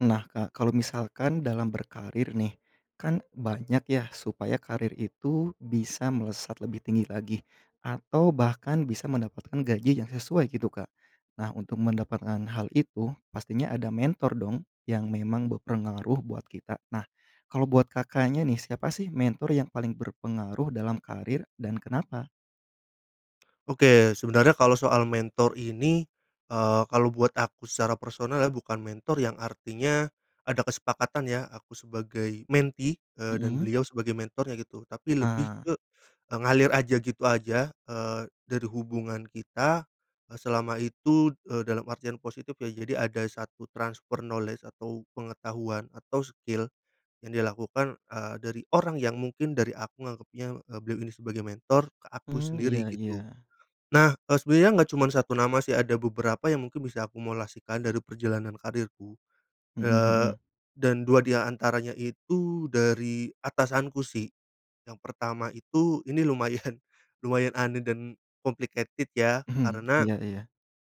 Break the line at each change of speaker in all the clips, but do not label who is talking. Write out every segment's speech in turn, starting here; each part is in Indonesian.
Nah, Kak. Kalau misalkan dalam berkarier nih, kan banyak ya, supaya karier itu bisa melesat lebih tinggi lagi, atau bahkan bisa mendapatkan gaji yang sesuai, gitu, Kak. Nah, untuk mendapatkan hal itu, pastinya ada mentor dong, yang memang berpengaruh buat kita. Nah, kalau buat Kakaknya nih, siapa sih, mentor yang paling berpengaruh dalam karier dan kenapa?
Oke, sebenarnya kalau soal mentor ini, eee, kalau buat aku secara personal ya, bukan mentor yang artinya, ada kesepakatan ya, aku sebagai mentee, eee, dan
Mhm.
beliau sebagai mentornya gitu, tapi lebih
Ah.
ke, e ngalir aja, gitu aja, eee, dari hubungan kita, eee, selama itu, eee, dalam artian positif ya. Jadi ada satu transfer knowledge, atau pengetahuan, atau skill, yang dilakukan, eee, dari orang yang mungkin, dari aku nganggepnya, eee, beliau ini sebagai mentor ke aku
Mmm, iya
sendiri gitu.
iya.
Nah, eee, sebenarnya enggak cuman 1 nama sih, ada beberapa yang mungkin bisa akumulasikan dari perjalanan karierku,
Mhm
eee,
mhm.
dan 2 di antaranya itu, dari atasanku sih. Yang pertama itu, ini lumayan lumayan aneh dan complicated ya,
Mhm,
karena,
iya iya.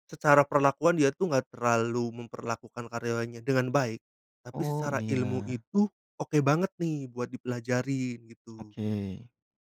secara perlakuan dia itu enggak terlalu memperlakukan karyawannya dengan baik, tapi
Oh,
secara ilmu
iya.
itu, oke banget nih, buat dipelajarin, gitu.
Oke.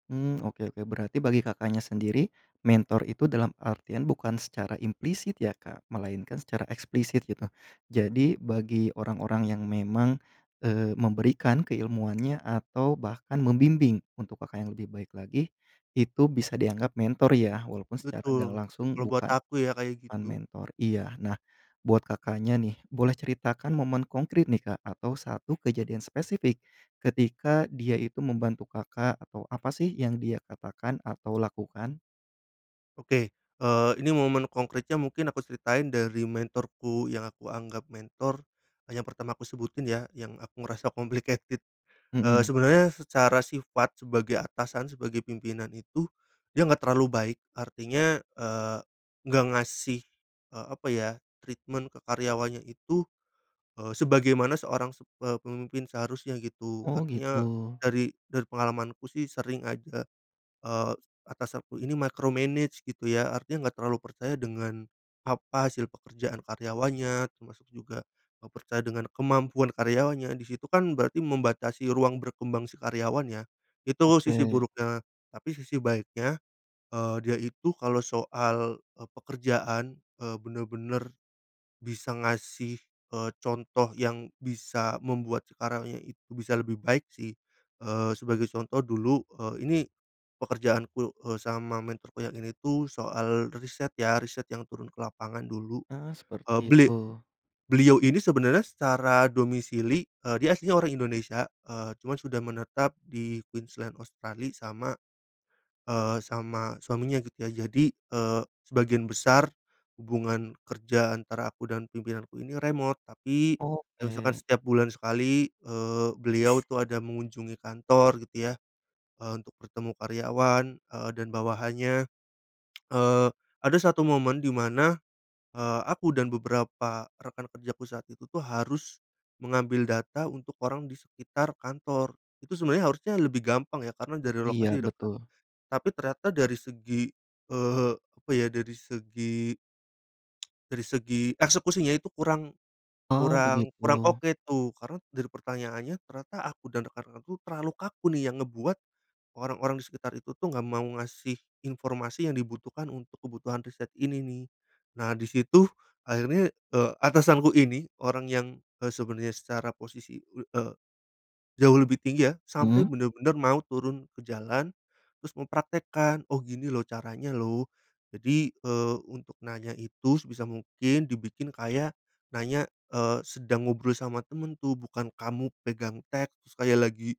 Mmm, oke oke, berarti bagi Kakaknya sendiri, mentor itu dalam artian bukan secara implisit, ya, Kak, melainkan secara eksplisit, gitu. Jadi, bagi orang-orang yang memang, eee, memberikan keilmuannya atau bahkan membimbing, untuk Kakak yang lebih baik lagi, itu bisa dianggap mentor ya. Walaupun secara gak
Betul,
langsung
kalau buat
bukan,
aku ya, kayak
bukan
gitu.
mentor. Iya, nah, buat Kakaknya nih, boleh ceritakan momen konkret nih, Kak, atau satu kejadian spesifik, ketika dia itu membantu Kakak, atau apa sih yang dia katakan, atau lakukan?
Oke, eee, ini momen konkretnya, mungkin aku ceritain dari mentorku yang aku anggap mentor, yang pertama aku sebutin ya, yang aku ngerasa complicated. Eee,
Mhm.
sebenarnya secara sifat sebagai atasan, sebagai pimpinan itu, dia enggak terlalu baik, artinya, eee, enggak ngasih, eee, apa ya, treatment ke karyawannya itu, eee, sebagaimana seorang sep eee, pemimpin seharusnya, gitu.
Oh,
Artinya,
gitu.
dari dari pengalamanku sih sering aja, eee, atas aku ini micromanage, gitu ya. Artinya enggak terlalu percaya dengan, apa, hasil pekerjaan karyawannya, termasuk juga, eee, percaya dengan kemampuan karyawannya, di situ kan, berarti membatasi ruang berkembang si karyawan ya. Itu sisi
Oke.
buruknya, tapi sisi baiknya, eee, dia itu kalau soal, eee, pekerjaan, eee, bener-bener bisa ngasih, eee, contoh yang bisa membuat si karyawannya itu bisa lebih baik sih. Eee, sebagai contoh dulu, eee, ini pekerjaanku, eee, sama mentorku yang ini tuh, soal riset ya. Riset yang turun ke lapangan dulu,
Ah,
eee,
seperti
beli
itu.
beliau ini sebenarnya secara domisili, eee, dia aslinya orang Indonesia, eee, cuma sudah menetap di Queensland, Australia sama, eee, sama suaminya, gitu ya. Jadi, eee, sebagian besar, hubungan kerja antara aku dan pimpinanku ini remote, tapi, kayak misalkan
Oke.
setiap bulan sekali, eee, beliau tuh, ada mengunjungi kantor, gitu ya, eee, untuk bertemu karyawan, eee, dan bawahannya. Eee, ada satu momen, di mana, eee, aku dan beberapa rekan kerjaku saat itu tuh, harus, mengambil data untuk orang di sekitar kantor. Itu sebenarnya harusnya lebih gampang ya, karena dari
Iya,
lokasi dekat.
betul.
Tapi ternyata dari segi, eee, apa ya, dari segi, dari segi, eksekusinya itu kurang
Oh,
kurang kurang
begitu.
oke tuh, karena dari pertanyaannya, ternyata aku dan rekan-rekanku, terlalu kaku nih, yang ngebuat, orang-orang di sekitar itu, tuh, enggak mau ngasih informasi yang dibutuhkan untuk kebutuhan riset ini, nih. Nah, di situ, akhirnya, eee, atasanku ini orang yang, eee, sebenarnya secara posisi, l eee, jauh lebih tinggi ya, sampe
Mhm.
bener-bener mau turun ke jalan, terus mempraktikkan, "Oh, gini loh, caranya loh." Jadi, eee, untuk nanya itu sebisa mungkin dibikin kayak, nanya, eee, sedang ngobrol sama temen tuh, bukan kamu pegang teks, kayak lagi,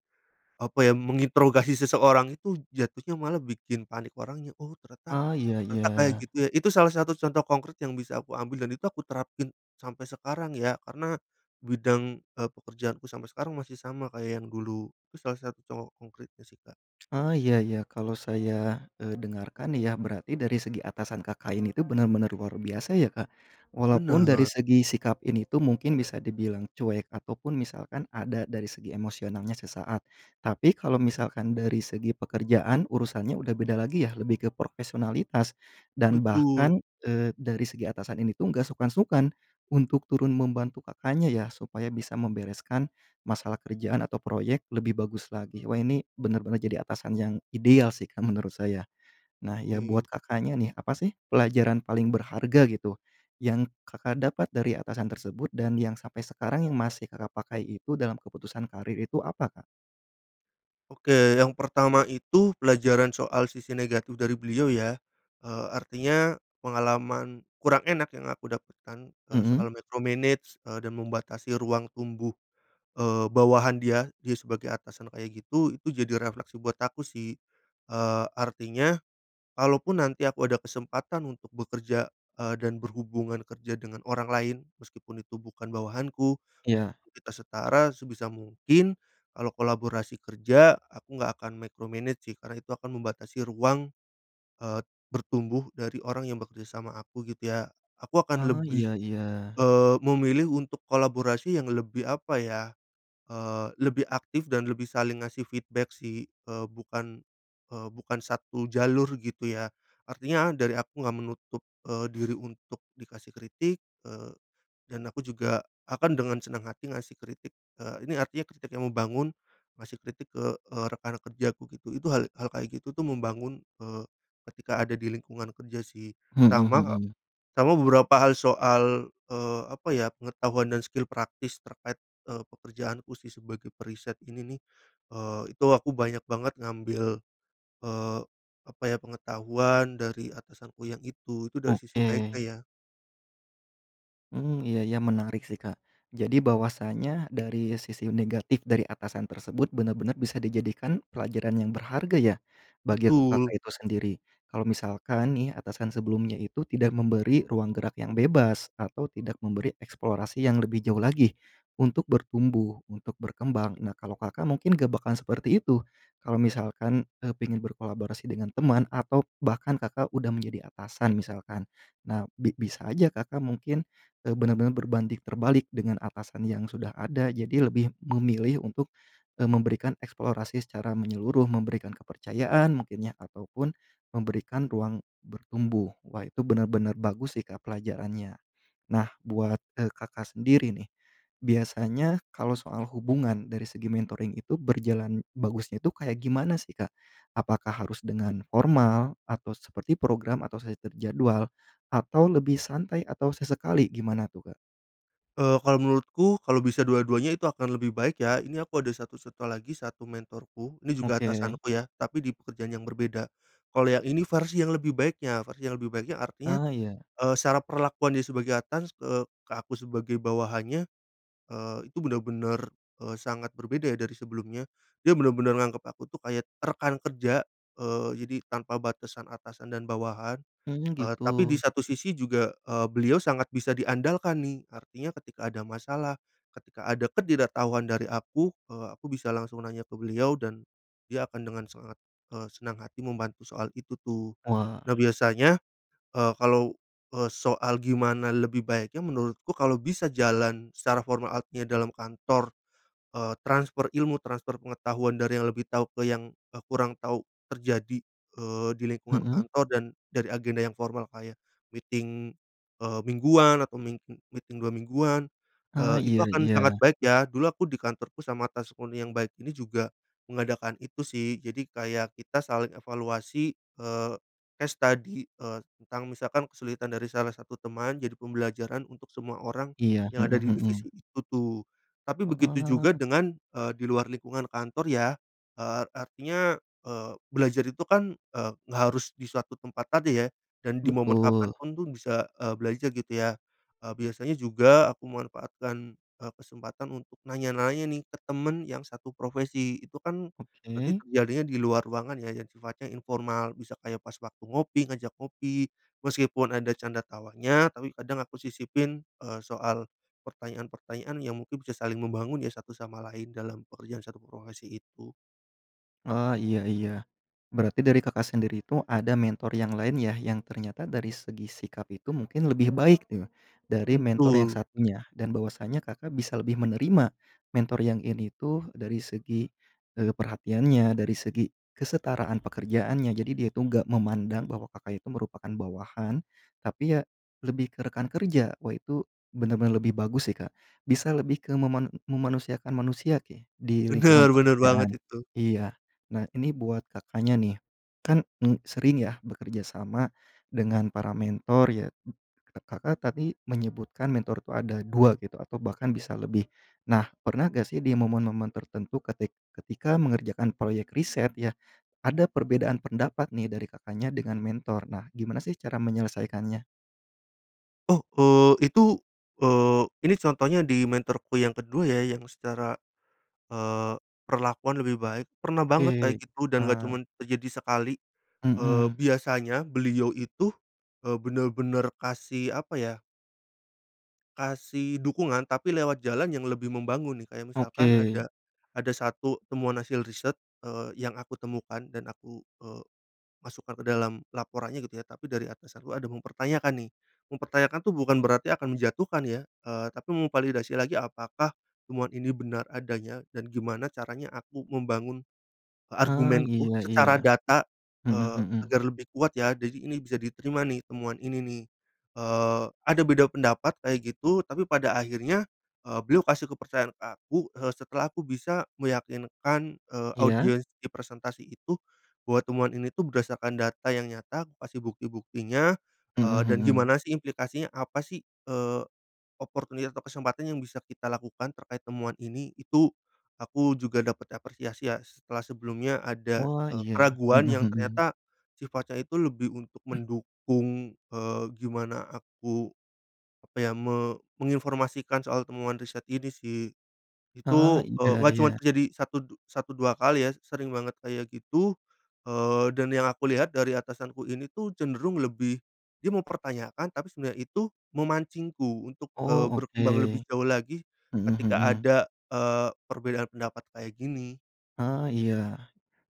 apa ya, menginterogasi seseorang, itu jatuhnya malah bikin panik orangnya. "Oh, ternyata
Ah, iya
ternyata kayak
iya.
gitu ya." Itu salah satu contoh konkret yang bisa aku ambil, dan itu aku terapin sampai sekarang ya, karena bidang, eee, pekerjaanku sampai sekarang masih sama kayak yang dulu. Itu salah satu contoh konkretnya sih, Kak.
Ah, iya iya, kalau saya, eee, dengarkan ya, berarti dari segi atasan Kakak ini tuh, bener-bener luar biasa ya, Kak. Walaupun dari
Bener.
segi sikap ini tuh, mungkin bisa dibilang cuek, ataupun misalkan ada dari segi emosionalnya sesaat. Tapi, kalau misalkan dari segi pekerjaan, urusannya udah beda lagi yah, lebih ke profesionalitas, dan
Betul.
bahkan, eee, dari segi atasan ini tuh, nggak sungkan-sungkan untuk turun membantu Kakaknya ya, supaya bisa membereskan masalah kerjaan atau proyek, lebih bagus lagi. Wah, ini bener-bener jadi atasan yang ideal sih, Kak, menurut saya. Nah, ya,
Oke.
buat Kakaknya nih, apa sih pelajaran paling berharga gitu, yang Kakak dapat dari atasan tersebut, dan yang sampai sekarang yang masih Kakak pakai itu, dalam keputusan karier itu apa, Kak?
Oke yang pertama itu pelajaran soal sisi negatif dari beliau ya, eee, artinya pengalaman kurang enak yang aku dapatkan, eee, soal
Mhm?
micromanage eee dan membatasi ruang tumbuh, eee, bawahan dia, dia sebagai atasan kayak gitu, itu jadi refleksi buat aku sih, eee, artinya kalaupun nanti aku ada kesempatan untuk bekerja, eee, dan berhubungan kerja dengan orang lain, meskipun itu bukan bawahanku,
Iya.
sebelum kita setara, sebisa mungkin kalau kolaborasi kerja, aku nggak akan micromanage sih karena itu akan membatasi ruang, eee, bertumbuh dari orang yang bekerja sama aku, gitu ya. Aku akan
Oh
lebih,
iya iya.
eee, memilih untuk kolaborasi yang lebih apa ya, eee, lebih aktif dan lebih saling ngasih feedback sih, eee, bukan, eee, bukan satu jalur gitu ya. Artinya dari aku nggak menutup, eee, diri untuk dikasih kritik, eee, dan aku juga akan dengan senang hati ngasih kritik, eee, ini artinya kritik yang membangun, ngasih kritik ke, eee, rekan kerjaku gitu, itu hal hal kayak gitu tuh membangun, eee, ketika ada di lingkungan kerja sih.
Mhm,
Sama
mhm.
sama beberapa hal soal, eee, apa ya, pengetahuan dan skill praktis terkait, eee, pekerjaanku sih sebagai periset ini nih, eee, itu aku banyak banget ngambil, eee, apa ya, pengetahuan dari atasanku yang itu. Itu dari sisi baiknya
Oke.
ya.
Mmm, iya iya menarik sih Kak, jadi bahwasanya dari sisi negatif dari atasan tersebut benar-benar bisa dijadikan pelajaran yang berharga ya, bagi
Betul.
Kakak itu sendiri. Kalau misalkan nih atasan sebelumnya itu tidak memberi ruang gerak yang bebas, atau tidak memberi eksplorasi yang lebih jauh lagi untuk bertumbuh, untuk berkembang, nah kalau Kakak mungkin gak bakalan seperti itu. Kalau misalkan, eee, pengen berkolaborasi dengan teman atau bahkan Kakak udah menjadi atasan misalkan. Nah bi bisa aja Kakak mungkin, eee, benar-benar berbanding terbalik dengan atasan yang sudah ada, jadi lebih memilih untuk, eee, memberikan eksplorasi secara menyeluruh, memberikan kepercayaan mungkin ya, ataupun, memberikan ruang bertumbuh. Wah itu benar-benar bagus sih Kak, pelajarannya. Nah buat, eee, Kakak sendiri nih, biasanya kalau soal hubungan dari segi mentoring itu berjalan bagusnya tuh kayak gimana sih Kak? Apakah harus dengan formal atau seperti program, atau sudah terjadwal, atau lebih santai, atau sesekali, gimana tuh Kak?
Eee, kalau menurutku kalau bisa dua-duanya, itu akan lebih baik ya. Ini aku ada satu satu lagi, 1 mentorku, ini juga
Oke.
atasanku ya, tapi di pekerjaan yang berbeda. Kalau yang ini versi yang lebih baiknya. Versi yang lebih baiknya artinya,
Ah, iya.
eee, secara perlakuannya sebagai atas ke ke aku sebagai bawahannya, eee, itu benar-benar, eee, sangat berbeda ya dari sebelumnya. Dia benar-benar nganggep aku tuh kayak rekan kerja, eee, jadi tanpa batasan atasan dan bawahan,
Mmm,
eee, tapi di
gitu.
satu sisi juga, eee, beliau sangat bisa diandalkan nih. Artinya ketika ada masalah, ketika ada ketidaktahuan dari aku, eee, aku bisa langsung nanya ke beliau dan, dia akan dengan sangat, eee, senang hati membantu soal itu tuh.
Wah.
Nah biasanya, eee, kalau, eee, soal gimana lebih baiknya, menurutku kalau bisa jalan secara formal, artinya dalam kantor, eee, transfer ilmu, transfer pengetahuan dari yang lebih tahu ke yang, eee, kurang tahu terjadi, eee, di lingkungan
Mhm.
kantor dan dari agenda yang formal kayak meeting, eee, mingguan atau ming eee, meeting 2 mingguan,
Heeh,
eee, itu
iya
akan
iya.
sangat baik ya. Dulu aku di kantorku sama atasku nih yang baik ini juga mengadakan itu sih, jadi kayak kita saling evaluasi, eee, case study, eee, tentang misalkan kesulitan dari salah satu teman, jadi pembelajaran untuk semua orang
Iya,
yang ada di
mhm
divisi
mhm.
itu tuh. Tapi begitu juga
Heeh.
dengan, eee, di luar lingkungan kantor ya, eee, artinya, eee, belajar itu kan, eee, nggak harus di suatu tempat tadi ya, dan di momen kapan
Betul.
pun tuh bisa, eee, belajar gitu ya, eee, biasanya juga aku manfaatkan, eee, kesempatan untuk nanya-nanya nih ke temen yang satu profesi, itu kan berarti
Oke.
terjadinya di luar ruangan ya, yang sifatnya informal, bisa kayak pas waktu ngopi, ngajak ngopi, meskipun ada canda tawanya, tapi kadang aku sisipin, eee, soal pertanyaan-pertanyaan yang mungkin bisa saling membangun ya, satu sama lain dalam pekerjaan satu profesi itu.
Ah, iya iya, berarti dari Kakak sendiri tuh ada mentor yang lain ya, yang ternyata dari segi sikap itu mungkin lebih baik ya, dari mentor yang
Betul.
satunya, dan bahwasanya Kakak bisa lebih menerima, mentor yang ini tuh dari segi, eee, perhatiannya dari segi kesetaraan pekerjaannya, jadi dia tuh enggak memandang bahwa Kakak itu merupakan bawahan, tapi ya lebih ke rekan kerja. Wah itu benar-benar lebih bagus sih Kak. Bisa lebih ke meman memanusiakan manusia ke di lingkungan
Benar benar banget
pekerjaan.
itu.
Iya. Nah ini buat Kakaknya nih, kan, mmm, sering ya bekerja sama dengan para mentor ya, Kakak tadi menyebutkan mentor tuh ada 2 gitu, atau bahkan bisa lebih, nah pernah gak sih di momen-momen tertentu ketik ketika mengerjakan proyek riset ya, ada perbedaan pendapat nih dari Kakaknya dengan mentor? Nah gimana sih cara menyelesaikannya?
Oh, eee, itu, eee, ini contohnya di mentorku yang ke-2 ya, yang secara, eee, perlakuan lebih baik. Pernah banget kayak
Oke,
gitu dan gak
ah.
cuman terjadi sekali. Eee,
Mhm.
biasanya beliau itu, eee, benar-benar kasih apa ya kasih dukungan, tapi lewat jalan yang lebih membangun nih, kayak misalkan
Oke.
ada, ada satu temuan hasil riset, eee, yang aku temukan dan aku, eee, masukkan ke dalam laporannya gitu ya, tapi dari atasanku ada mempertanyakan nih. Mempertanyakan tuh bukan berarti akan menjatuhkan ya, eee, tapi memvalidasi lagi apakah temuan ini benar adanya, dan gimana caranya aku membangun e
Ah
argumenku
iya iya.
secara data,
Mhm
eee,
mhm.
agar lebih kuat ya. Jadi ini bisa diterima nih temuan ini nih. Eee, ada beda pendapat kayak gitu tapi pada akhirnya, eee, beliau kasih kepercayaan ke aku, eee, setelah aku bisa meyakinkan, eee,
Iya.
audiens di presentasi itu, bahwa temuan ini tuh berdasarkan data yang nyata, kukasih bukti-buktinya,
Mhm
eee, dan
mhm.
gimana sih implikasinya, apa sih, eee, opportunity atau kesempatan yang bisa kita lakukan terkait temuan ini, itu aku juga dapat apresiasi ya setelah sebelumnya ada,
Wah
eee,
iya.
keraguan
Mhm
yang
mhm.
ternyata sifatnya itu lebih untuk mendukung, eee, gimana aku, apa ya, me menginformasikan soal temuan riset ini sih.
Ah
Itu,
iya
eee, enggak cuman
iya.
terjadi satu, du satu 2 kali ya, sering banget kayak gitu, eee, dan yang aku lihat dari atasanku ini tuh cenderung lebih, dia mempertanyakan, tapi sebenarnya itu memancingku untuk,
Oh
eee, berkembang
oke.
lebih jauh lagi
Mhm
ketika
mhm.
ada, eee, perbedaan pendapat kayak gini.
Ah iya.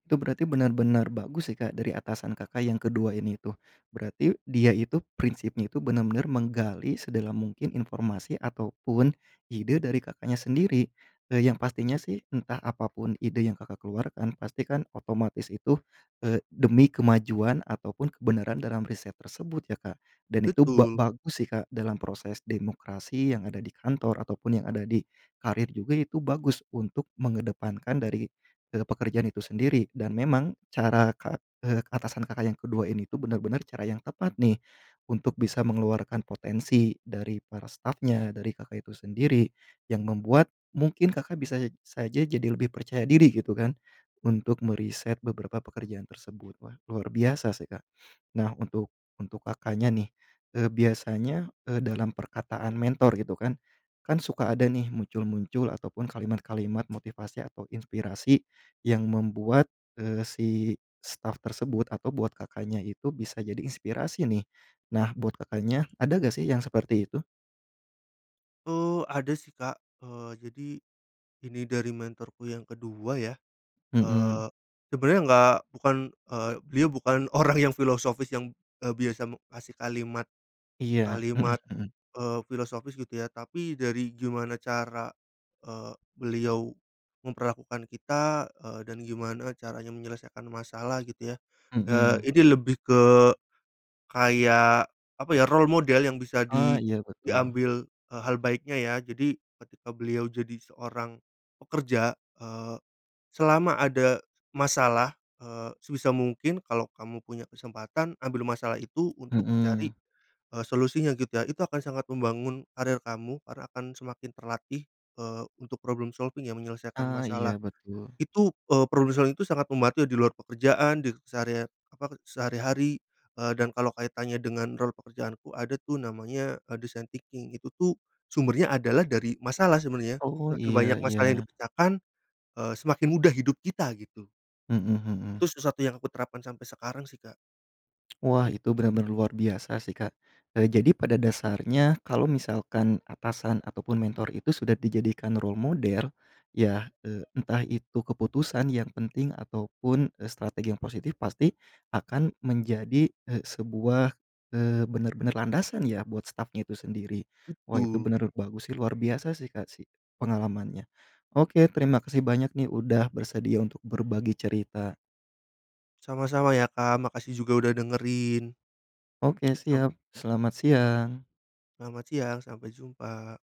Itu berarti benar-benar bagus ya Kak dari atasan Kakak yang ke-2 ini tuh. Berarti dia itu prinsipnya itu benar-benar menggali sedalam mungkin informasi ataupun ide dari Kakaknya sendiri. Eee, yang pastinya sih entah apapun ide yang Kakak keluarkan, pasti kan otomatis itu, eee, demi kemajuan ataupun kebenaran dalam riset tersebut ya Kak. Dan itu ba
Betul.
bagus sih Kak dalam proses demokrasi yang ada di kantor, ataupun yang ada di karir juga, itu bagus untuk mengedepankan dari, eee, pekerjaan itu sendiri. Dan memang cara ka eee, atasan Kakak yang ke-2 ini tuh benar-benar cara yang tepat nih untuk bisa mengeluarkan potensi dari para stafnya, dari Kakak itu sendiri, yang membuat mungkin Kakak bisa e saja jadi lebih percaya diri gitu kan, untuk meriset beberapa pekerjaan tersebut, wah luar biasa sih Kak. Nah untuk untuk Kakaknya nih, eee, biasanya, eee, dalam perkataan mentor gitu kan, kan suka ada nih muncul-muncul ataupun kalimat-kalimat motivasi atau inspirasi yang membuat, eee, si staf tersebut atau buat Kakaknya itu bisa jadi inspirasi nih. Nah buat Kakaknya ada gak sih yang seperti itu?
Eee, ada sih Kak. Eee, jadi, ini dari mentorku yang ke-2 ya.
Mhm.
Eee, sebenarnya enggak, bukan, eee, beliau bukan orang yang filosofis yang, eee, biasa, mmm, kasih kalimat,
Iya, mhm
kalimat,
mhm.
eee, filosofis gitu ya. Tapi dari gimana cara, eee, beliau, memperlakukan kita, eee, dan gimana caranya menyelesaikan masalah gitu ya. Eee,
Mhm.
ini lebih ke, kayak, apa ya, role model yang bisa
Ah,
di
iya betul.
diambil, eee, hal baiknya ya. Jadi, ketika beliau jadi seorang pekerja, eee, selama ada masalah, eee, sebisa mungkin kalau kamu punya kesempatan, ambil masalah itu, untuk dicari,
Mhm.
eee, solusinya gitu ya. Itu akan sangat membangun karir kamu, karena akan semakin terlatih, eee, untuk problem solving ya, menyelesaikan
Ah,
masalah.
iya betul.
Itu, eee, problem solving tuh sangat membantu di luar pekerjaan, di sehari apa, eee, sehari-hari, eee, dan kalau kaitannya dengan rol pekerjaanku ada tuh, namanya, eee, design thinking. Itu tuh, sumbernya adalah dari masalah, sebenarnya.
Oh,
Semakin banyak
iya
masalah yang
iya.
dipecahkan, eee, semakin mudah hidup kita, gitu.
Mhm
Itu
mhm.
sesuatu yang kuterapkan sampai sekarang sih Kak.
Wah, itu benar-benar luar biasa sih Kak. Eee, jadi pada dasarnya, kalau misalkan atasan ataupun mentor itu sudah dijadikan role model, ya, eee, entah itu keputusan yang penting ataupun, eee, strategi yang positif, pasti, akan menjadi, eee, sebuah, eee, benar-benar landasan ya buat stafnya itu sendiri. Wah itu
Betul.
benar bagus sih luar biasa sih Kak sih, pengalamannya. Oke terima kasih banyak nih, udah bersedia untuk berbagi cerita.
Sama-sama ya Kak, makasih juga udah dengerin.
Oke
Sam
siap, selamat siang.
selamat siang, sampai jumpa.